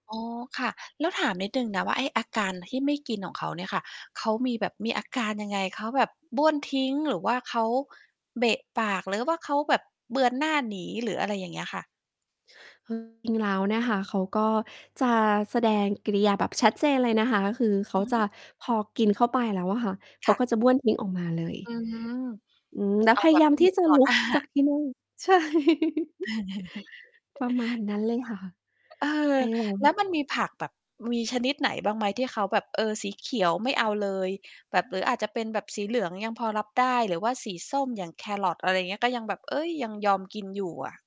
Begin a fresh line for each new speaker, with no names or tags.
อ๋อ ค่ะ แล้วถามนิดหนึ่งนะว่า ไอ้อาการที่ไม่กินของเขาเนี่ยค่ะ เขามีแบบ มีอาการยังไง? เขาแบบบ้วนทิ้ง หรือว่าเขาเบะปาก หรือว่าเขาแบบเบือนหน้าหนี หรืออะไร? อย่างเงี้ยค่ะ
คือจริง ๆ แล้วเนี่ยค่ะ เขาก็จะแสดงกิริยาแบบชัดเจนเลยนะคะ คือเข
อื
า
อฮ
จ
ึ
ะ พอกินเข้าไปแล้วอะค่ะ เข
ค
า
่ะ
ก็จะบ้วนทิ้งออกมาเล
อื
ย
ม
อืม แล้
เ
ว
อา
พย
แบ
า
บ
ยา
ใ
ม
ห้
ที
เ
่
ห็น
จะ
ต่อ
ลุ
หน
ก
้า
จาก ที่นั่ง ใช่ ประมาณนั้นเลยค่ะ
อ เอ
ไ
อ
อ้ เร
แ
า
ล้วมันมีผักแบบ มีชนิดไหนบ้างไหม? ที่เขาแบบ เออ สีเขียวไม่เอาเลย แบบหรืออาจจะเป็นแบบสีเหลืองยังพอรับได้ หรือว่าสีส้มอย่างแครอท อะไรอย่างเงี้ย ก็ยังแบบ เฮ้ย ยังยอมกินอยู่อะ